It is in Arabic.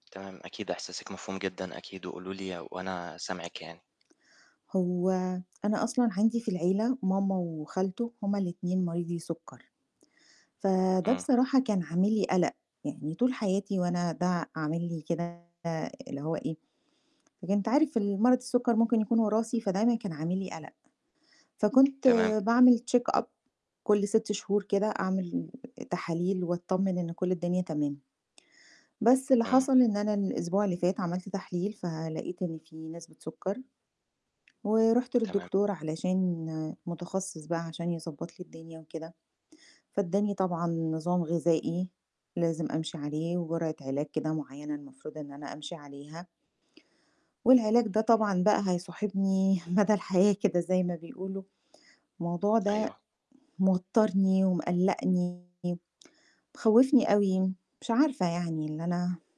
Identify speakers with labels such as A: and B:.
A: تمام، أكيد أحساسِك مفهوم جدًا أكيد وقولوا ليّا وأنا سامعِك يعني.
B: هو، أنا أصلًا عَندي في العيلة ماما وخالتو هُم الاتنين مريضي سُكَّر. فده
A: امم.
B: بصراحة كان عامل لي قلق، يعني طول حياتي وأنا ده عامل لي كده اللي هو إيه لكن أنت عارف ال مرض السٌكَّر ممكن يكون وراثي فدايمًا كان عامل لي قلق. فكنت
A: تمام.
B: باعمل checkup كل 6 شهور كده، اعمل تحاليل واتطمن إن كل الدنيا تمام. بس اللي
A: امم.
B: حصل إن أنا الأسبوع اللي فات عملت تحليل فلقيت إن في نسبة سُكَّر. ورُحت
A: تمام.
B: للدكتور علشان متخصص بقى عشان يضبط لي الدنيا وكده، فادّاني طبعًا نظام غذائي لازم أمشي عليه وجرعة علاج كده معينة المفروض إن أنا أمشي عليها. والعلاج ده طبعًا بقى هيصاحبني مدى الحياة كده زي ما بيقولوا. الموضوع ده،
A: أيوه.
B: موتَّرني ومقّلقّني مخوّفني أوي مش عارفة يعني اللي أنا